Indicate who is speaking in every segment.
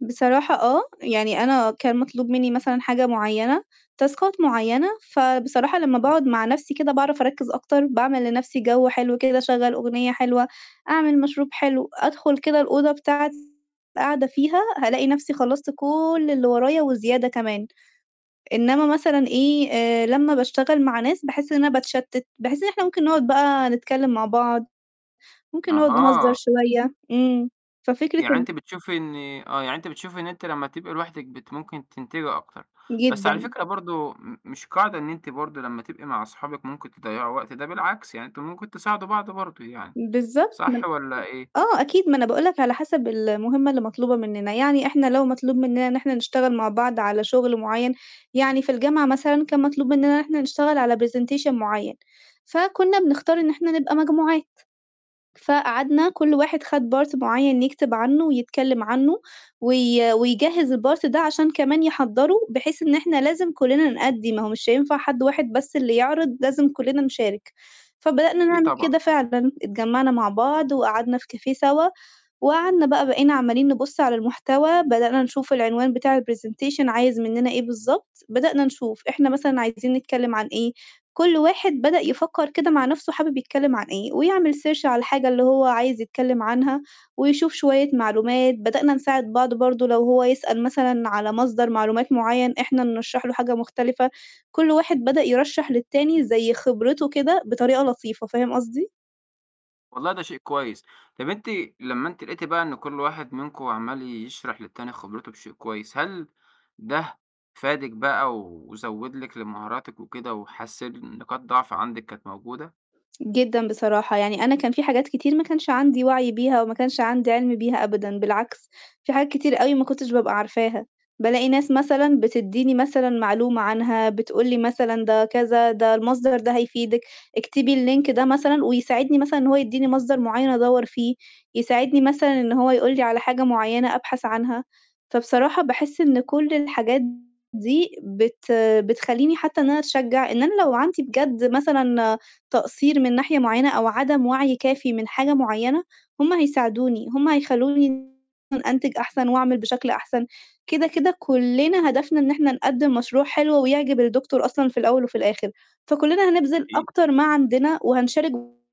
Speaker 1: بصراحة آه، يعني أنا كان مطلوب منّي مثلًا حاجة معيّنة، تاسكات معيّنة، فبصراحة لمّا
Speaker 2: إمم.
Speaker 1: باقعد مع نَفْسي كده باعرف أركّز أكتر، باعمل لنَفْسي جَو حلو كده، أشغّل أغنية حلوة، أعمل مشروب حلو، أدخل كده الأوضة بتاعتي قاعدة فيها هالاقي نَفْسي خلّصت كل اللي ورايا وزيادة كمان. إنّما مثلًا إيه، آآ لمّا باشتغل مع ناس، باحس إن أنا باتشتّت، باحس إن إحنا ممكن نقعد بقى نتكلِّم مع بعض، ممكن نقعد نهزّر
Speaker 2: أها.
Speaker 1: شوية، إمم. ففكرة
Speaker 2: يعني
Speaker 1: ال
Speaker 2: أنتِ بتشوفي إن آه، يعني أنتِ بتشوفي إن أنتِ لمّا تبقى لوحدِك بت ممكن تنتبهي أكتر، بس على
Speaker 1: جدًا.
Speaker 2: فكرة برضه م مش قاعدة إن أنتِ برضه لمّا تبقي مع أصحابِك ممكن تضيّعوا وقت، ده بالعكس يعني أنتم ممكن تساعدوا بعضه برضه يعني،
Speaker 1: بالضبط، من
Speaker 2: صح والّا إيه؟
Speaker 1: آه أكيد، ما أنا باقول لك على حَسَب المهمة اللي مطلوبة منّنا، يعني إحنا لو مطلوب منّنا إن إحنا نشتغل مع بعض على شُغل معيّن، يعني في الجامعة مثلًا كان مطلوب منّنا إن إحنا نشتغل على presentation معيّن، فكُنّا بنختار إن إحنا نبقى مجموعات. فقعدنا كل واحد خَد part معيّن يكتب عنّه ويتكلِّم عّنه وي ويجهّز الpart ده عشان كمان يحضّروا، بحيث إن إحنا لازم كُلّنا نؤدّي، ما هو مش هينفع حد واحد بس اللي يعرض لازم كُلّنا نشارك، فبدأنا
Speaker 2: إي
Speaker 1: نعمل
Speaker 2: طبعًا.
Speaker 1: كده فعلًا، اتجمّعنا مع بعض وقعدنا في كافيه سَوا وقعدنا بقى بقينا عمّالين نبُص على المحتوى، بدأنا نشوف العنوان بتاع الpresentation عايز منّنا إيه بالضبط. بدأنا نشوف إحنا مثلًا عايزين نتكلِّم عن إيه؟ كل واحد بدأ يفكّر كده مع نَفْسه حابب يتكلِّم عن إيه ويعمل search على الحاجة اللي هو عايز يتكلِّم عنها ويشوف شوية معلومات، بدأنا نساعد بعض برضه لو هو يسأل مثلًا على مصدر معلومات معيّن إحنا نرشّح له حاجة مختلفة، كل واحد بدأ يرشّح للتاني زي خبرته كده بطريقة لطيفة، فاهم قصدي؟
Speaker 2: والله ده شيء كويس. طَب أنتِ لمّا أنتِ لقيتِ بقى إن كل واحد منكم عَمّال يشرح للتاني خبرته بشيء كويس، هل ده فادِك بقى وزوّد لِك لمهاراتِك وكده وحسِّن نقاط ضعف عندكِ كانت موجودة؟
Speaker 1: جدًا بصراحة، يعني أنا كان في حاجات كتير ما كانش عندي وَعي بيها أو ما كانش عندي عِلْم بيها أبدًا، بالعكس في حاجات كتير أوي ما كنتش ببقى عارفاها، بالاقي ناس مثلًا بتدّيني مثلًا معلومة عنها، بتقولي مثلًا ده كذا، "ده المصدر ده هيفيدِك، اكتبي اللينك ده مثلًا،" ويساعدني مثلًا إن هو يدّيني مصدر معيّن أدوّر فيه، يساعدني مثلًا إن هو يقول لي على حاجة معيّنة أبحث عنها، فبصراحة باحس إن كل الحاجات دي بت بتخلّيني حتّى إن أنا أتشجّع إن أنا لو عندي بجد مثلًا تقصير من ناحية معيّنة أو عدم وَعي كافي من حاجة معيّنة، هم هيساعدوني، هم هيخلّوني أنتج أحسن وأعمل بشكل أحسن، كده، كده كُلّنا هدفنا إن إحنا نقدّم مشروع حلو ويعجب الدكتور أصلًا في الأول وفي الآخِر، فكُلّنا هنبذل
Speaker 2: اي
Speaker 1: أكتر ما عندنا وهنشارك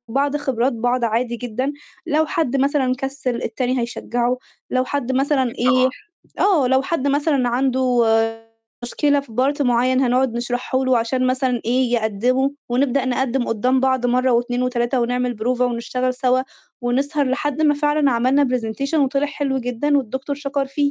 Speaker 1: بعض خبرات بعض عادي جدًا، لو حد مثلًا كسِّل التاني هيشجّعه، لو حد مثلًا
Speaker 2: أكيد
Speaker 1: إيه
Speaker 2: طبعًا.
Speaker 1: آه، لو حد مثلًا عنده مشكلة في part معيّن هنقعد نشرحه له عشان مثلًا إيه، يقدّموا ونبدأ نقدم قُدّام بعض مرّة و2 و3 ونعمل بروفة ونشتغل سَوا ونسهر لحد ما فعلًا عملنا presentation وطلع حلو جدًا والدكتور شَكَر فيه.